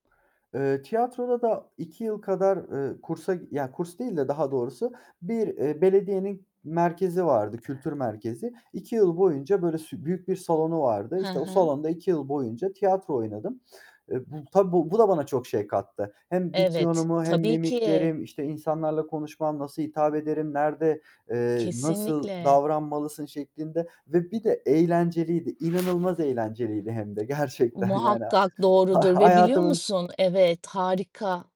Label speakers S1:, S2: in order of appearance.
S1: Eee, tiyatroda da 2 yıl kadar, eee, kursa ya, kurs değil de daha doğrusu, bir, eee, belediyenin merkezi vardı, kültür merkezi. 2 yıl boyunca böyle s büyük bir salonu vardı.
S2: Hı
S1: İşte o
S2: hı.
S1: salonda 2 yıl boyunca tiyatro oynadım. Eee, bu, tabii bu bu da bana çok şey kattı. Hem
S2: Evet,
S1: diksiyonumu, hem
S2: tabii ki.
S1: mimiklerim, işte, insanlarla konuşmam, nasıl hitap ederim, nerede, eee, "Nasıl
S2: Kesinlikle.
S1: davranmalısın?" şeklinde ve bir de eğlenceliydi, inanılmaz eğlenceliydi hem de gerçekten yani.
S2: Muhakkak
S1: Ha
S2: doğrudur ve biliyor
S1: hayatımın
S2: musun Evet, harika.